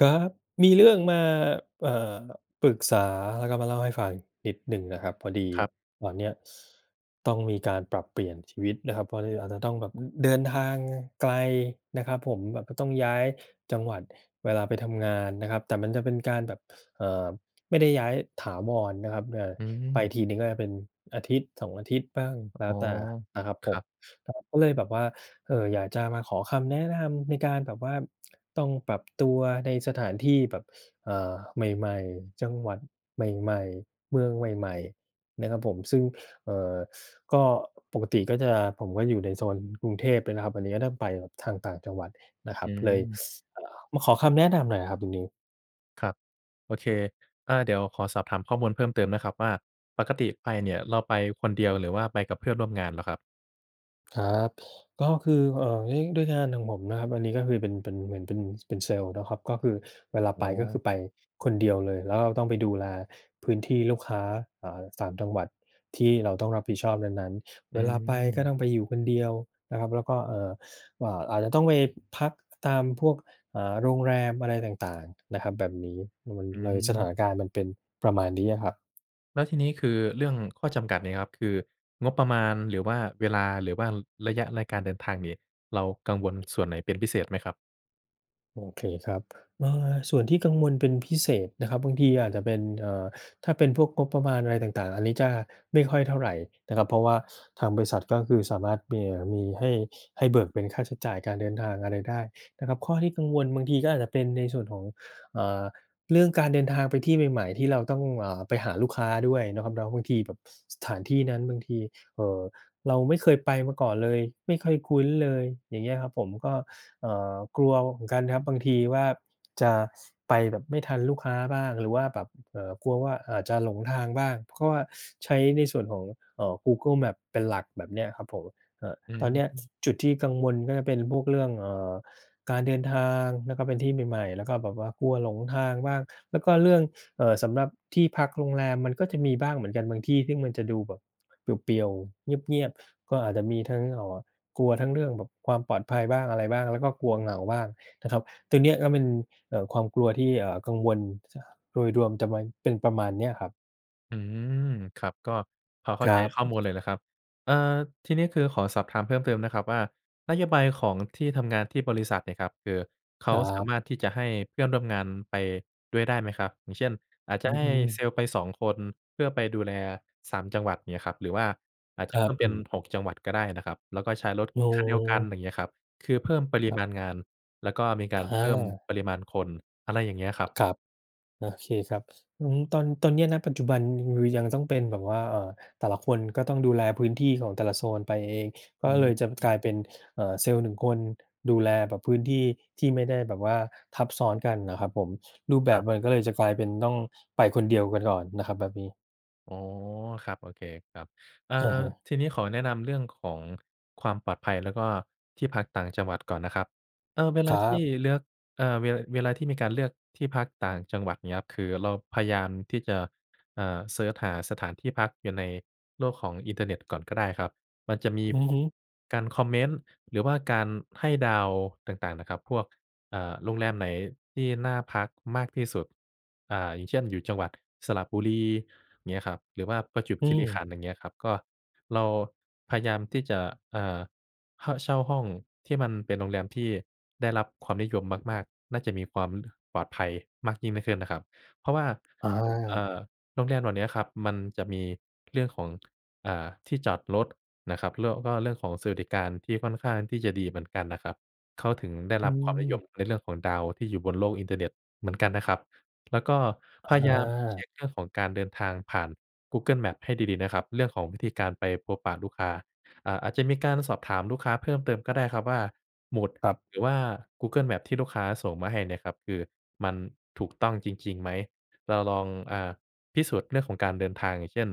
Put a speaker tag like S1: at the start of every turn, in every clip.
S1: ครับ มีเรื่องมา เอ่อ ปรึกษา แล้วก็มาเล่าให้ฟังนิดหนึ่งอะครับ พอดี
S2: ครับ
S1: ตอนนี้ต้องมีการปรับเปลี่ยนชีวิตนะครับ พอดีอาจจะต้องแบบเดินทางไกลนะครับผม แบบก็ต้องย้ายจังหวัดเวลาไปทำงานนะครับ แต่มันจะเป็นการแบบ เอ่อ ไม่ได้ย้ายถาวรนะครับ เอ่อ
S2: อื
S1: ไป
S2: ม
S1: ทีหนึ่ง ก็เป็น 1-2 อาทิตย์บ้าง แล้
S2: อ๋
S1: ว
S2: อ
S1: แต่นะครับ
S2: ค
S1: ผ
S2: รั
S1: ม
S2: บ
S1: ก็เลยแบบว่า เอ่อ อยากจะมาขอคำแนะนำในการแบบว่าต้องปรับตัวในสถานที่แบบ อา ใหม่ ๆ จังหวัดใหม่ ๆ เมืองใหม่ ๆ นะครับผม ซึ่ง เอ่อ ก็ปกติก็จะ ผมก็อยู่ในโซนกรุงเทพเลยนะครับ อันนี้ก็ต้องไปทางต่างจังหวัดนะคร
S2: อ
S1: ั
S2: ื
S1: บ เลย
S2: ม
S1: เอ่อ มาขอคำแนะนำหน่อยครับตรงนี้
S2: ครับ โอเค อา เดี๋ยวขอสอบถามข้อมูลเพิ่มเติมนะครับ ว่าปกติไปเนี่ย เราไปคนเดียว หรือว่าไปกับเพื่อนร่วมงานเหรอครับ?
S1: ครับ ก็คือ เอ่อ ด้วย ด้วยงานของผมนะครับ อันนี้ก็คือเป็น เป็น เหมือนเป็น เป็นเซลล์นะครับ ก็คือ เวลา
S2: อ
S1: ไ
S2: ๋
S1: ปก็คื
S2: อ
S1: อไปคนเดียวเลย แล้วเราต้องไปดูแลพื้นที่ลูกค้า อา 3 จังหวัดที่เราต้องรับผิดชอบนั้น ๆ
S2: อ
S1: เ
S2: ื
S1: วลาไปก็
S2: ม
S1: ต้องไปอยู่คนเดียวนะครับ แล้วก็ เอ่อ อา อาจจะต้องไปพักตามพวก อา โรงแรมอะไรต่าง ๆ นะครับ แบบนี้
S2: อื
S1: เลยสถา
S2: ม
S1: นการณ์มันเป็นประมาณนี้อะครับ
S2: แล้วทีนี้ คือเรื่องข้อจำกัดเนี่ยครับ คืองบประมาณ หรือว่าเวลา หรือว่า ระยะรายการเดินทางเนี่ย เรากังวลส่วนไหนเป็นพิเศษไหมครับ?
S1: โอเคครับ เอ่อ ส่วนที่กังวลเป็นพิเศษนะครับ บางทีอาจจะเป็น เอ่อ ถ้าเป็นพวกงบประมาณอะไรต่าง ๆ อันนี้จะไม่ค่อยเท่าไรนะครับ เพราะว่าทางบริษัทก็คือสามารถมี มีให้ ให้เบิกเป็นค่าใช้จ่ายการเดินทางอะไรได้นะครับ ข้อที่กังวลบางทีก็อาจจะเป็นในส่วนของ อ่า เรื่องการเดินทางไปที่ใหม่ ๆ ที่เราต้อง อ่า ไปหาลูกค้าด้วยนะครับเนาะ บางทีแบบสถานที่นั้นบางที เอ่อ เราไม่เคยไปมาก่อนเลย ไม่เคยคุ้นเลย อย่างเงี้ยครับผม ก็ เอ่อ กลัวเหมือนกันครับ บางทีว่าจะ ไปแบบไม่ทันลูกค้าบ้าง หรือว่าแบบ เอ่อ กลัวว่าอาจจะหลงทางบ้าง เพราะว่าใช้ในส่วนของ เอ่อ Google Map เป็นหลักแบบเนี้ยครับผม เอ่อ
S2: อื
S1: ตอนนี้
S2: ม
S1: จุดที่กังวลก็จะเป็นพวกเรื่อง เอ่อ การเดินทางแล้วก็เป็นที่ใหม่ ๆ แล้วก็แบบว่ากลัวหลงทางบ้าง แล้วก็เรื่อง เอ่อ สำหรับที่พักโรงแรมมันก็จะมีบ้างเหมือนกัน บางที่ซึ่งมันจะดูแบบ เปลี่ยว ๆ เงียบ ๆ ก็อาจจะมีทั้ง เอ่อ กลัวทั้งเรื่องแบบความปลอดภัยบ้างอะไรบ้าง แล้วก็กลัวเหงาบ้างนะครับ ตรงเนี้ยก็เป็น เอ่อ ความกลัวที่ เอ่อ กังวล โดยรวมจะมา เป็นประมาณเนี้ยครับ
S2: อืม ครับ ก็พอเข้
S1: ค
S2: า
S1: ร
S2: ใจ
S1: ั
S2: ข้อ
S1: บ
S2: มูลเลยแหละครับ เอ่อ ทีนี้คือขอสอบถามเพิ่มเติมนะครับว่า นโยบายของที่ทำงานที่บริษัทเนี่ยครับ คือเข
S1: ค
S2: า
S1: รั
S2: สา
S1: บ
S2: มารถที่จะให้เพื่อนร่วมงานไปด้วยได้ไหมครับ? อย่างเช่น อาจจ
S1: อื
S2: ะให้
S1: ม
S2: Sales ไปสองคน เพื่อไปดูแลสามจังหวัด เงี้ยครับ หรือว่าอาจจ
S1: ค
S2: ะ
S1: ร
S2: เ
S1: ั
S2: พิ
S1: บ
S2: ่ม
S1: ผ
S2: เป็น
S1: ม
S2: หกจังหวัดก็ได้นะครับ แล้วก็ใช้รถ
S1: อ๋
S2: คันเดียวกัน
S1: อ
S2: อย่างเงี้ยครับ คือเพิ่มปริ
S1: ครับ
S2: มาณงานแล้วก็มีกา
S1: อ
S2: รเพิ่ม
S1: า
S2: ปริมาณคน อะไรอย่างเงี้ยครับ
S1: ครับ โอเคครับ อือฮึ ตอน ตอนเนี้ย ณ ปัจจุบันรือ ยังต้องเป็นแบบว่า เอ่อ แต่ละคนก็ต้องดูแลพื้นที่ของแต่ละโซนไปเอง ก
S2: อื
S1: ็เ
S2: ม
S1: ลยจะ
S2: อื
S1: ก
S2: อ
S1: ลายเป็น เอ่อ Sales หนึ่งคนดูแลแบบพื้นที่ที่ไม่ได้แบบว่าทับซ้อนกันน่ะครับผม รูปแบ
S2: คร
S1: บ
S2: ับ
S1: มันก็เลยจะกลายเป็นต้องไปคนเดียวกันก่อนน่ะครับ แบบนี้
S2: อ๋อ ครับ โอเคครับ เอ่อ
S1: อะฮะ
S2: ทีนี้ขอแนะนำเรื่องของความปลอดภัยแล้วก็ที่พักต่างจังหวัดก่อนนะครับ เออ เวล
S1: ค
S2: า
S1: รั
S2: ที่
S1: บ
S2: เลือก เอ่อ เว เวลาที่มีการเลือกที่พักต่างจังหวัด เงี้ยครับ คือเราพยายามที่จะ อ่า เซิร์ชหาสถานที่พักอยู่ในโลกของอินเทอร์เน็ตก่อนก็ได้ครับ มันจะมี
S1: อื
S2: พ
S1: อ
S2: ว
S1: ฮ
S2: ก
S1: ึ
S2: การคอมเมนต์หรือว่าการให้ดาวต่าง ๆ น่ะครับ พวก อ่า โรงแรมไหนที่น่าพักมากที่สุด อ่า อย่างเช่น อยู่จังหวัดสระบุรี เงี้ยครับ หรือว่าประจวบ
S1: อื
S2: คีรีข
S1: ม
S2: ันธ์ อย่างเงี้ยครับ ก็ เราพยายามที่จะ เอ่อ ฮ่ะ เช่าห้องที่มันเป็นโรงแรมที่ได้รับความนิยมมาก ๆ น่าจะมีความ ปลอดภัยมากยิ่ง นิ ขึ้นนะครับ เพราะว่า
S1: อ
S2: ผม เอ่
S1: า
S2: อ โรงแรมเหล่าเนี้ยครับมันจะมีเรื่องของ อ่า ที่จอดรถ นะครับ แล้วก็เรื่องของสวัสดิการที่ค่อนข้างที่จะดีเหมือนกันนะครับ เขาถึงได้
S1: อื
S2: รับความนิย
S1: ม
S2: มในเรื่องของดาวที่อยู่บนโลกอินเทอร์เน็ตเหมือนกันนะครับ แล้วก็พยายามเช
S1: อา
S2: ็กเรื่องของการเดินทาง ผ่าน Google Maps ให้ดี ๆ นะครับเรื่องของวิธีการไปพบปะลูกค้า อ่า อาจจะมีการสอบถามลูกค้าเพิ่มเติมก็ได้ครับว่า หมุด
S1: ครับ
S2: หรือว่า Google Maps ที่ลูกค้าส่งมาให้เนี่ยครับคือมันถูกต้องจริง ๆ ไหม? เราลอง อ่า พิสูจน์เรื่องของการเดินทาง อย่างเช่น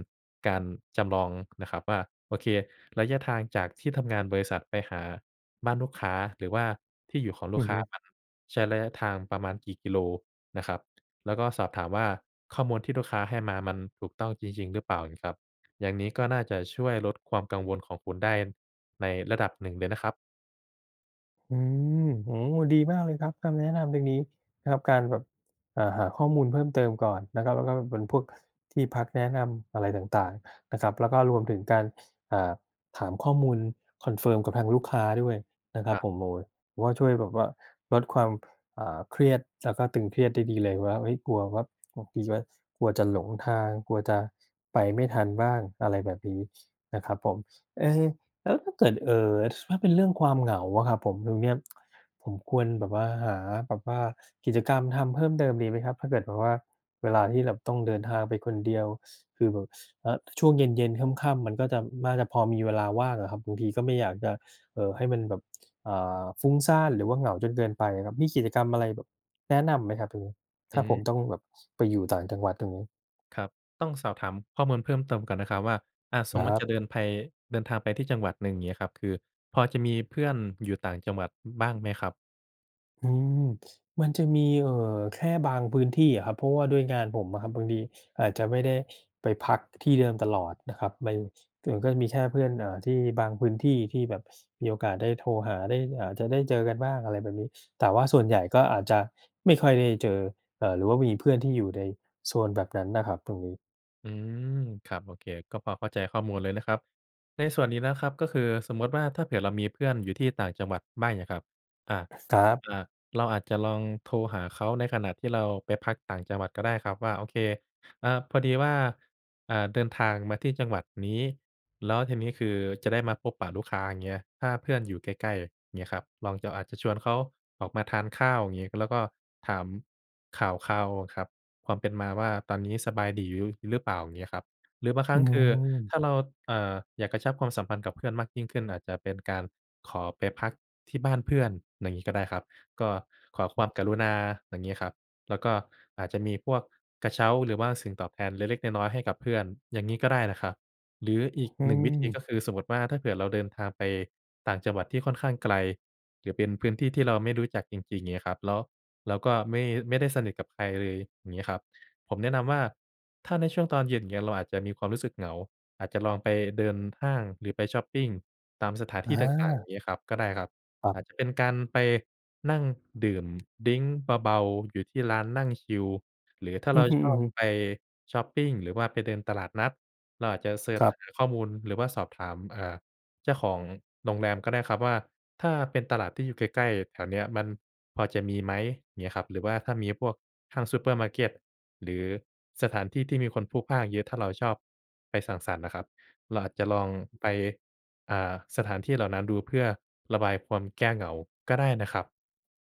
S2: การจำลองนะครับว่า โอเค ระยะทางจากที่ทำงานบริษัทไปหาบ้านลูกค้า หรือว่าที่อยู่ของล
S1: อื
S2: ูก
S1: อ
S2: ค
S1: ฮ
S2: ้
S1: ึ
S2: ามันใช้ระยะทางประมาณกี่กิโลนะครับ แล้วก็สอบถามว่า ข้อมูลที่ลูกค้าให้มามันถูกต้องจริง ๆ หรือเปล่า? งี้ครับ อย่างนี้ก็น่าจะช่วยลดความกังวลของคุณได้ในระดับหนึ่งเลยนะครับ
S1: อืม โอ้โฮ! ดีมากเลยครับ คำแนะนำตรงนี้นะครับ การแบบ อ่า หาข้อมูลเพิ่มเติมก่อนนะครับ และแล้ว และแล้วมันเป็นพวกที่พักแนะนำอะไรต่าง ๆ นะครับ แล้วก็รวมถึงการ อ่า ถามข้อมูลคอนเฟิร์มกับทางลูกค้าด้วยนะครั
S2: อ
S1: บ
S2: ะ
S1: โอ้โฮ ผมว่าช่วยแบบว่าลดความ อ่า เครียด จะ ก็ตึงเครียดได้ดีเลยว่า เฮ้ย กลัวว่า ก ทีช๊วย กลัวจะหลงทาง กลัวจะไปไม่ทันบ้าง อะไรแบบนี้นะครับผม เอ๊! แล้วถ้าเกิด เอ่อ ถ้าเป็นเรื่องความเหงาอะครับผม ตรงเนี้ย ผมควรแบบว่า หาแบบว่ากิจกรรมทำเพิ่มเติมดีไหมครับ? ถ้าเกิดแบบว่าเวลาที่แบบต้องเดินทางไปคนเดียว คือแบบ อะ ช่วงเย็น ๆ ค่ำ ๆ มันก็จะ น่าจะพอมีเวลาว่างอะครับ บางทีก็ไม่อยากจะ เอ่อ ให้มันแบบ อ่า ฟุ้งซ่าน หรือว่าเหงาจนเกินไปครับ มีกิจกรรมอะไรแบบ แนะนำไหมครับตรงนี้?
S2: อ
S1: ถ้าผม
S2: ืม
S1: ต้องแบบไปอยู่ต่างจังหวัดตรงนี้
S2: ครับ ต้องสอบถามข้อมูลเพิ่มเติมก่อนนะครับว่า อา ส
S1: ค
S2: ม
S1: ร
S2: มุติ
S1: ั
S2: จ
S1: บ
S2: ะเดินไป เดินทางไปที่จังหวัดหนึ่งอย่างนี้ครับ คือพอจะมีเพื่อนอยู่ต่างจังหวัด อ บ้างไหมครับ?
S1: อืม มันจะมี เอ่อ แค่บางพื้นที่อะครับ เพราะว่าด้วยงานผมอะครับ บางทีอาจจะไม่ได้ไปพักที่เดิมตลอดนะครับ มัน มันก็จะมีแค่เพื่อน อ่า ที่บางพื้นที่ที่แบบมีโอกาสได้โทรหา ได้อาจจะได้เจอกันบ้าง อะไรแบบนี้ แต่ว่าส่วนใหญ่ก็อาจจะไม่ค่อยได้เจอ เอ่อ หรือว่ามีเพื่อนที่อยู่ในโซนแบบนั้นน่ะครับ ตรงนี้
S2: อืม ครับ โอเค ก็พอเข้าใจข้อมูลเลยนะครับ ในส่วนนี้นะครับ ก็คือสมมุติว่า ถ้าเผื่อเรามีเพื่อนอยู่ที่ต่างจังหวัดไม่อะครับ? อะ
S1: ครั
S2: อ
S1: บ
S2: า เราอาจจะลองโทรหาเขาในขณะที่เราไปพักต่างจังหวัดก็ได้ครับว่า โอเค อ่า พอดีว่า อ่า เดินทางมาที่จังหวัดนี้ แล้วทีนี้ คือจะได้มาพบปะลูกค้า อย่างเงี้ย ถ้าเพื่อนอยู่ใกล้ ๆ เงี้ยครับ ลองจะอาจจะชวนเขาออกมาทานข้าว อย่างนี้ แล้วก็ถามข่าวคราวอะครับ ความเป็นมาว่า ตอนนี้สบายดีอยู่ยุ้ยหรือเปล่า? อย่างนี้ครับ หรือบางคร
S1: อ
S2: ั้
S1: ื
S2: ง คือ
S1: ม
S2: ถ้าเรา เอ่อ อยากกระชับความสัมพันธ์กับเพื่อนมากยิ่งขึ้น อาจจะเป็นการขอไปพักที่บ้านเพื่อน อย่างนี้ก็ได้ครับ ก็ขอความกรุณา อย่างนี้ครับ แล้วก็อาจจะมีพวกกระเช้า หรือว่าสิ่งตอบแทนเล็ก ๆ น้อย ๆ ให้กับเพื่อน อย่างงี้ก็ได้นะครับ หรืออีก
S1: อื
S2: 1 วิธี
S1: ม
S2: ก็คือสมมุติว่า ถ้าเกิดเราเดินทางไปต่างจังหวัดที่ค่อนข้างไกล หรือเป็นพื้นที่ที่เราไม่รู้จักจริง ๆ อย่างงี้ครับ แล้วเราก็ไม่ ไม่ได้สนิทกับใครเลย อย่างนี้ครับ ผมแนะนำว่า ถ้าในช่วงตอนเย็น อย่างเงี้ย เราอาจจะมีความรู้สึกเหงา อาจจะลองไปเดินห้าง หรือไปชอปปิงตามสถานท
S1: อ
S2: ี่ต่าง ๆ อ
S1: า
S2: ย่างงี้ครับ ก็ได้ครับ
S1: ครั
S2: อ
S1: บ
S2: าจจะเป็นการไปนั่งดื่มดริงก์เบา ๆ อยู่ที่ร้านนั่งชิล หรือถ้า
S1: อื
S2: เรา
S1: อฮึ
S2: ชอบ
S1: ๆ
S2: ไปชอปปิง หรือว่าไปเดินตลาดนัด เราอาจจะเซิร์ช
S1: ครับ
S2: หาข้อมูลหรือว่าสอบถาม อ่า เจ้าของโรงแรมก็ได้ครับว่า ถ้าเป็นตลาดที่อยู่ใกล้ ๆ แถวเนี้ย มันพอจะมีไหม? อย่างเงี้ยครับ หรือว่าถ้ามีพวกห้างซูเปอร์มาร์เก็ต หรือสถานที่ที่มีคนพลุกพล่านเยอะ ถ้าเราชอบไปสังสรรค์อะครับ เราอาจจะลองไป อ่า สถานที่เหล่านั้นดู เพื่อระบายความแก้เหงาก็ได้นะครับ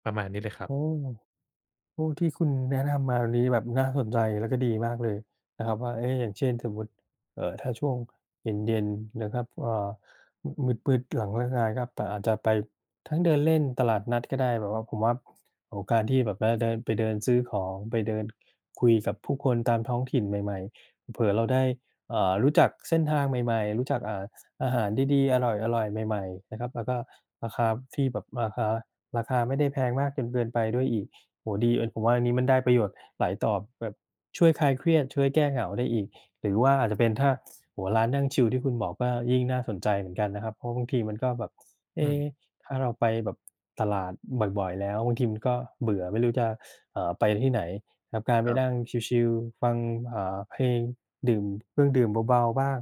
S2: ประมาณนี้เลยครั
S1: อ
S2: บ
S1: ืม โอ้ ที่คุณแนะนำมาอันนี้แบบน่าสนใจ แล้วก็ดีมากเลยนะครับว่า เอ๊ะ! อย่างเช่น สมมุติ เอ่อ ถ้าช่วงเย็น ๆ นะครับ เอ่อ อ มืด ๆ หลังเลิกงานครับ ก็ปะอาจจะไปทั้งเดินเล่นตลาดนัดก็ได้ แบบว่าผมว่า โอ้โฮ! การที่แบบได้ ได้ไปเดินซื้อของ ไปเดินคุยกับผู้คนตามท้องถิ่นใหม่ ๆ เผลอ ๆ เราได้ อ่า รู้จักเส้นทางใหม่ ๆ รู้จัก อ่า อาหารดี ๆ อร่อย ๆ ใหม่ ๆ นะครับ แล้วก็ราคาที่แบบราคา ราคาไม่ได้แพงมากจนเกินไปด้วยอีก โอ้โฮ! ดี เออ ผมว่าอันนี้มันได้ประโยชน์หลายต่อแบบช่วยคลายเครียด ช่วยแก้เหงาได้อีก หรือว่าอาจจะเป็นถ้า ซ โอ้โฮ! ร้านนั่งชิลที่คุณบอกก็ยิ่งน่าสนใจเหมือนกันนะครับ เพราะบางทีมันก็แบบ เอ
S2: อื
S1: ๊
S2: ม
S1: ถ้าเราไปแบบตลาดบ่อย ๆ แล้ว บางทีมันก็เบื่อ ไม่รู้จะ อ่า ไปที่ไหนครับ การไป
S2: ครับ
S1: นั่งชิล ๆ ฟัง อ่า เพลง ดื่มเครื่องดื่มเบา ๆ บ้าง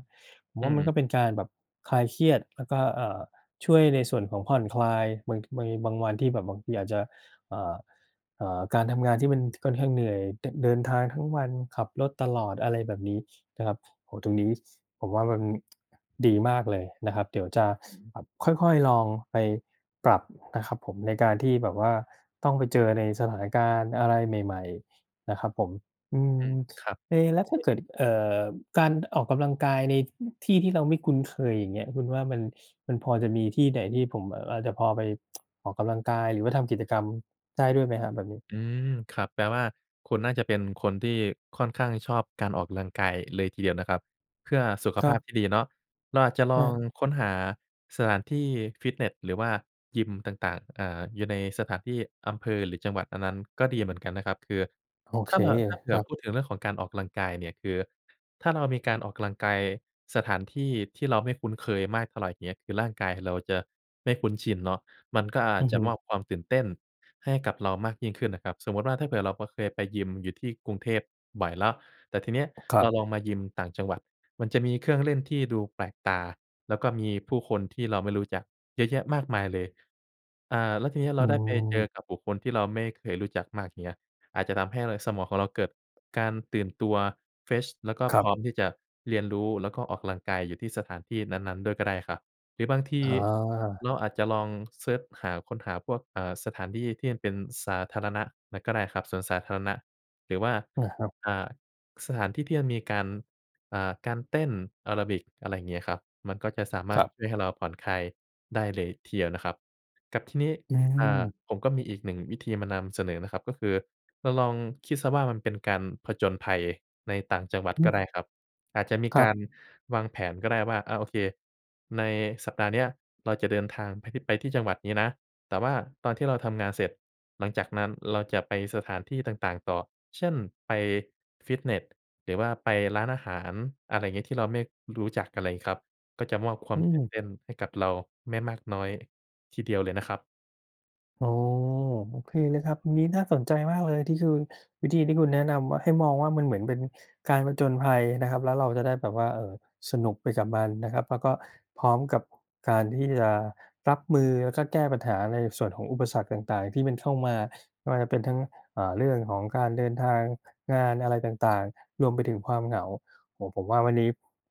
S1: ผม
S2: อื
S1: ว่ามันก
S2: ม
S1: ็เป็นการแบบคลายเครียด แล้วก็ เอ่อ ช่วยในส่วนของผ่อนคลายบาง ท บางวันที่แบบบางทีอาจจะ อ่า เอ่อ การทำงานที่มัน จ ค่อนข้างเหนื่อย เดินทางทั้งวันขับรถตลอด อะไรแบบนี้นะครับ โอ้โฮ ตรงนี้ ผมว่ามัน ดีมากเลยนะครับ เดี๋ยวจะ
S2: อือฮึ
S1: แบบค่อย ๆ ลองไปปรับนะครับผม ในการที่แบบว่าต้องไปเจอในสถานการณ์อะไรใหม่ ๆ นะครับผม อื
S2: อื
S1: ม
S2: ม ครับ
S1: เอ แล้วถ้าเกิด เอ่อ การออกกำลังกายใน อ ที่ที่เราไม่คุ้นเคยอย่างเงี้ย คุณว่ามัน มันพอจะมีที่ไหนที่ผมอาจจะพอไป ออกกำลังกาย หรือว่าทำกิจกรรมได้ด้วยไหมครับ? แบบนี้
S2: อืม ครับ แปลว่า คุณน่าจะเป็นคนที่ค่อนข้างชอบการออกกำลังกายเลยทีเดียวนะครับ เพื่อสุข
S1: คร
S2: ภ
S1: ั
S2: า
S1: บ
S2: พที่ดีเนาะ เราอาจจะลอง
S1: อา
S2: ค้นหาสถานที่ฟิตเนสหรือว่ายิมต่าง ๆ อ่า อยู่ในสถานที่อำเภอหรือจังหวัด อันนั้นก็ดีเหมือนกันนะครับ คือ
S1: โอ
S2: ถ
S1: เ
S2: ้
S1: ค
S2: า ถ้าเผ
S1: ค
S2: ื่
S1: ร
S2: อ
S1: ับ
S2: พูดถึงเรื่องของการออกกำลังกายเนี่ย คือถ้าเรามีการออกกำลังกายสถานที่ที่เราไม่คุ้นเคยมากเท่าไร เงี้ย คือร่างกายเราจะไม่คุ้นชินเนาะ มันก็อา
S1: อ
S2: จ
S1: ือ
S2: จะ
S1: ฮึ
S2: มอบความตื่นเต้นให้กับเรามากยิ่งขึ้นนะครับ สมมุติว่า ถ้าเผื่อเราก็เคยไปยิมอยู่ที่กรุงเทพบ่อยแล้ว แต่ทีเนี้ย
S1: ครั
S2: เร
S1: บ
S2: าลองมายิมต่างจังหวัด มันจะมีเครื่องเล่นที่ดูแปลกตา แล้วก็มีผู้คนที่เราไม่รู้จักเยอะแยะมากมายเลย อ่า แล้วทีเนี้ย เ
S1: อ
S2: ร
S1: ื
S2: าได้ไปเจอ
S1: ม
S2: กับบุคคลที่เราไม่เคยรู้จักมาก อย่างเงี้ย อาจจะทำให้ไรสมองของเราเกิดการตื่นตัว เฟรช แล้วก็
S1: คร
S2: พ
S1: ั
S2: ร
S1: บ
S2: ้อมที่จะเรียนรู้ แล้วก็ออกกำลังกายอยู่ที่สถานที่นั้น ๆ ด้วยก็ได้ครับ หรือบางที
S1: อ๋อ
S2: เราอาจจะลองเซิร์ชหาค้นหาพวก อ่า สถานที่ที่มันเป็นสาธารณะนั้นก็ได้ครับ สวนสาธารณะ หรือว่า
S1: อา ครับ
S2: อ่า สถานที่ที่มันมีการ อ่า การเต้นแอโรบิก อะไรอย่างเงี้ยครับ มันก็จะสาม
S1: ค
S2: าร
S1: ร
S2: ถช่ว
S1: ับ
S2: ยให้เราผ่อนคลายได้เลยทีเดียวนะครับ กับที่นี้
S1: อื
S2: อ่า
S1: ม
S2: ผมก็มีอีก 1 วิธีมานำเสนอนะครับ ก็คือเราลองคิดเสียว่า มันเป็นการผจญภัยในต่างจังหวัด
S1: อื
S2: ก็ไ
S1: ม
S2: ด้ครับ อาจจะมี
S1: คร
S2: ก
S1: ับ
S2: ารวางแผนก็ได้ว่า อา โอเค ในสัปดาห์เนี้ย เราจะเดินทางไพที่ ไปที่จังหวัดนี้นะ แต่ว่าตอนที่เราทำงานเสร็จ หลังจากนั้นเราจะไปสถานที่ต่าง ๆ ต่อ เช่น ไปฟิตเนส หรือว่าไปร้านอาหาร อะไรอย่างนี้ ที่เราไม่รู้จักกันเลยครับ ก็จะมอบคว
S1: อ
S2: า
S1: ื
S2: มตื่น
S1: ม
S2: เต้นให้กับเราไม่มากน้อยทีเดียวเลยนะครับ
S1: โอ้โฮ! โอเคเลยครับ วันนี้น่าสนใจมากเลย ที่คือวิธีที่คุณแนะนำมา ให้มองว่ามันเหมือนเป็นการผจญภัยนะครับ แล้วเราจะได้แบบว่า เออ สนุกไปกับมันนะครับ แล้วก็พร้อมกับการที่ยารับมือ แล้วก็แก้ปัญหาในส่วนของอุปสรรคต่าง ๆ ที่มันเข้ามา ว่าจะเป็นทั้ง อ่า เรื่องของการเดินทาง งานอะไรต่าง ๆ รวมไปถึงความเหงา โอ้โฮ! ผมว่าวันนี้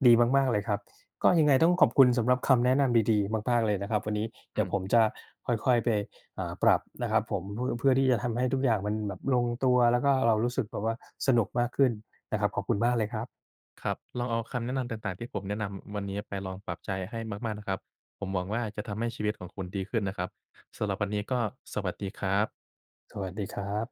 S1: ดีมาก ๆ เลยครับ ก็ยังไงต้องขอบคุณสำหรับคำแนะนำดี ๆ มาก ๆ เลยนะครับ วันนี้เด
S2: อ
S1: ี
S2: ื
S1: ๋ยวผ
S2: ม
S1: มจะค่อย ๆ ไป อ่า ปรับนะครับผม อ เพื่อที่จะทำให้ทุกอย่างมันแบบลงตัว แล้วก็ อ่า เรารู้สึกแบบว่าสนุกมากขึ้นนะครับ ขอบคุณมากเลยครับ
S2: ครับ ลองเอาคำแนะนำต่าง ๆ ที่ผมแนะนำวันนี้ไปลองปรับใช้ให้มาก ๆ นะครับ ผมหวังว่าจะทำให้ชีวิตของคุณดีขึ้นนะครับ สำหรับวันนี้ก็สวัสดีครับ
S1: สวัสดีครับ